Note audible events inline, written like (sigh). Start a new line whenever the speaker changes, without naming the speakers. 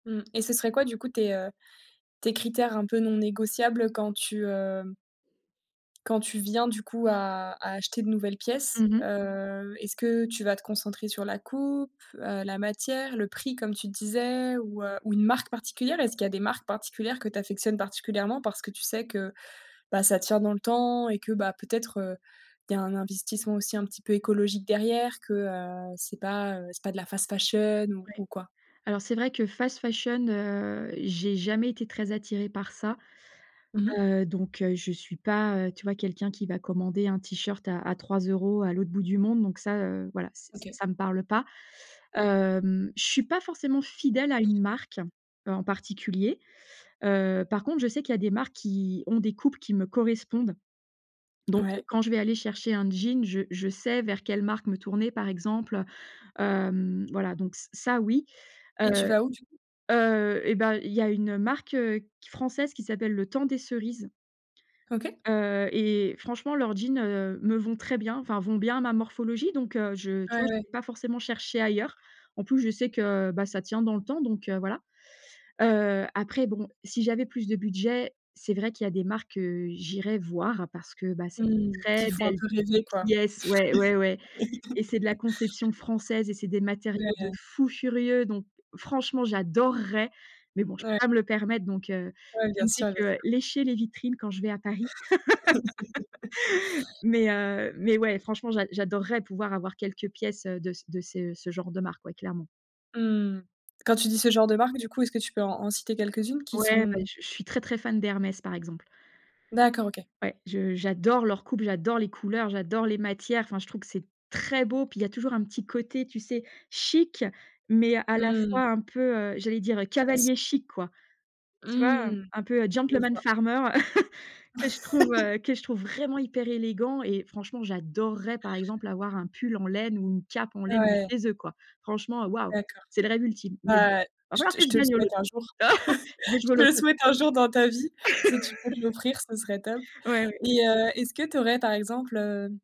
Mmh et ce serait quoi du coup tes, heu, tes critères un peu non négociables quand tu, heu quand tu viens du coup à à acheter de nouvelles pièces?
Mmh mh.
Heu, est-ce que tu vas te concentrer sur la coupe, heu, la matière, le prix comme tu disais ou, heu, ou une marque particulière? Est-ce qu'il y des marques particulières que tu affectionnes particulièrement? Parce que tu sais que, bah, ça tient dans le temps et que, bah, peut-être, heu, il y a un investissement aussi un petit peu écologique derrière, que, heu, c'est pas, heu, c'est pas de la fast fashion ou
Ouais.
ou quoi?
Alors c'est vrai que fast fashion, heu, j'ai jamais été très attirée par ça.
Mmh mh.
Heu, donc heu, je suis pas, tu vois, quelqu'un qui va commander un t-shirt à à 3 € à l'autre bout du monde donc ça, heu, voilà, c'est c'est
OK.
ça me parle pas. Hem, je suis pas forcément fidèle à une marque, heu, en particulier. Heu, par contre je sais qu'il y a des marques qui ont des coupes qui me correspondent. Donc heu,
Ouais.
quand je vais aller chercher un jean, je je sais vers quelle marque me tourner par exemple, hem, voilà donc ç ça oui,
Et tu
heu,
vas où du coup?
heu et ben, il y a une marque, heu, q française qui s'appelle, Le Temps des Cerises
OK.
heu et franchement leurs jeans me vont très bien enfin vont bien à ma morphologie donc heu, je
Ouais,
tu vois,
ouais.
je vais pas forcément chercher ailleurs. En plus, je sais que bah ça tient dans le temps donc heu, voilà. Heu, après bon, si j'avais plus de budget, c'est vrai qu'il y a des marques que j'irais voir parce que, bah, c'est des
Mmh. Qui
très
font un
belles
peu rêver quoi.
pièces ouais, ouais, ouais et c'est de la
(laughs)
conception française et c'est des matériaux de
Ouais.
fou furieux. Donc franchement, j'adorerais! Mais bon, je peux
Ouais.
pas me le permettre donc, heu,
Ouais
je
bien
ne fais
sûr, bien
que
sûr.
lécher les vitrines quand je vais à Paris. (laughs)
(laughs)
Mais, heu, mais ouais, franchement j'a j'adorerais pouvoir avoir quelques pièces, heu, de c de ces, heu, ce genre de marque, ouais clairement.
Mmh. Quand tu dis ce genre de marque du coup, est-ce que tu peux en en citer quelques-unes qui
Ouais
sont
bah je je suis très, très fan d'Hermès, par exemple.
D'accord, OK.
Ouais. Je j'adore leur coupe, j'adore les couleurs, j'adore les matières enfin, je trouve que c'est très beau, puis il y a toujours un petit côté, tu sais, chic, mais à la
Mmh.
fois un peu, heu j'allais dire cavalier
Classique.
chic, quoi. Tu vois?
Mmh.
Un peu
Je
gentleman
vois.
farmer (chuckles) que je trouve,
(laughs)
heu, que je trouve vraiment hyper élégant et franchement j'adorerais, par exemple, avoir un pull en laine ou une cape en laine du
Ouais.
chez eux quoi. Franchement waouh!
D'accord.
C'est le rêve ultime. Mais bon,
Bah
il va
je
falloir
te
que
je
je
te le
gagne au
souhaite un
loto!
jour.
(laughs) Je vais
(chuckles)
jouer au
Je te
loto.
souhaite un jour dans ta vie. Si tu peux te l'offrir, ce serait top
(laughs) Ouais, ouais.
et heu, est-ce que tu aurais par exemple heu